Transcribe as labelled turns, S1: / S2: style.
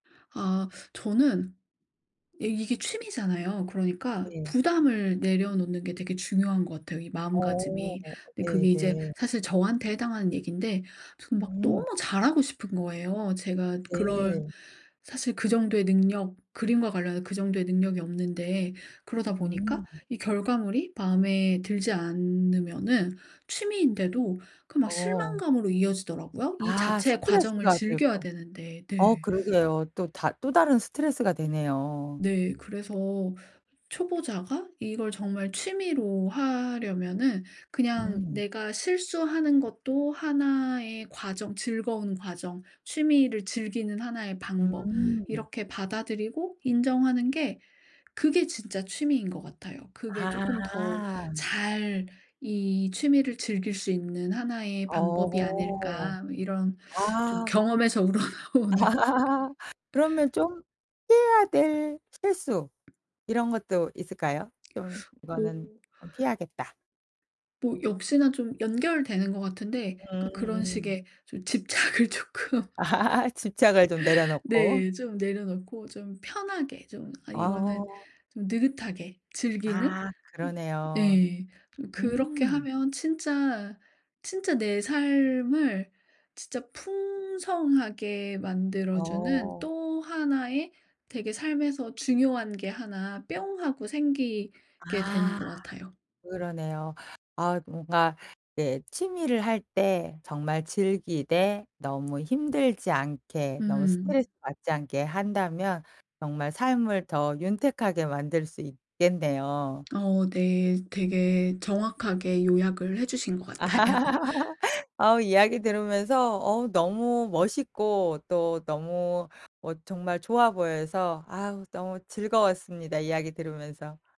S1: 아 저는 이 이게 취미잖아요. 그러니까
S2: 네.
S1: 부담을 내려놓는 게 되게 중요한 것 같아요, 이
S2: 어
S1: 마음가짐이. 근데 그게 이제
S2: 네네.
S1: 사실 저한테 해당하는 얘긴데 저는 막
S2: 음.
S1: 너무 잘하고 싶은 거예요. 제가 그런
S2: 네.
S1: 사실 그 정도의 능력 그림과 관련해서 그 정도의 능력이 없는데 그러다 보니까
S2: 음.
S1: 이 결과물이 마음에 들지 않으면은 취미인데도 그 막
S2: 어.
S1: 실망감으로 이어지더라고요. 이
S2: 아
S1: 자체의 과정을
S2: 스트레스가
S1: 즐겨야
S2: 되고
S1: 되는데.
S2: 어
S1: 네.
S2: 그러게요. 또 다 또 다른 스트레스가 되네요.
S1: 네. 그래서 초보자가 이걸 정말 취미로 하려면은 그냥
S2: 음.
S1: 내가 실수하는 것도 하나의 과정 즐거운 과정 취미를 즐기는 하나의 방법
S2: 음.
S1: 이렇게 받아들이고 인정하는 게 그게 진짜 취미인 것 같아요. 그게 쪼끔 더
S2: 아.
S1: 잘 이 취미를 즐길 수 있는 하나의 방법이
S2: 어.
S1: 아닐까. 뭐 이런 좀
S2: 아.
S1: 경험에서 우러나오는.
S2: 그러면 좀 피해야 될 실수 이런 것도 있을까요? 좀
S1: 뭐
S2: 이거는 아 피해야겠다.
S1: 뭐 역시나 좀 연결되는 것 같은데 그러니까 그런
S2: 음음.
S1: 식의 좀 집착을 쪼끔
S2: 집착을 좀 내려놓고.
S1: 네 좀 내려놓고 좀 편하게 좀 아 이거는
S2: 아.
S1: 좀 느긋하게 즐기는
S2: 아
S1: 음
S2: 그러네요.
S1: 예 좀 그렇게
S2: 음.
S1: 하면 진짜, 진짜 내 삶을 진짜 풍성하게 만들어 주는
S2: 어.
S1: 또 하나의 되게 삶에서 중요한 게 하나 뿅 하고 생기게 되는
S2: 아
S1: 것 같아요.
S2: 그러네요. 아 뭔가 이제 취미를 할 때 정말 즐기되 너무 힘들지 않게 너무
S1: 음.
S2: 스트레스받지 않게 한다면 정말 삶을 더 윤택하게 만들 수 있겠네요.
S1: 어 네. 되게 정확하게 요약을 해 주신 것 같아요.
S2: 어 이야기 들으면서 어 너무 멋있고 또 너무 어 정말 좋아 보여서 아 너무 즐거웠습니다, 이야기 들으면서.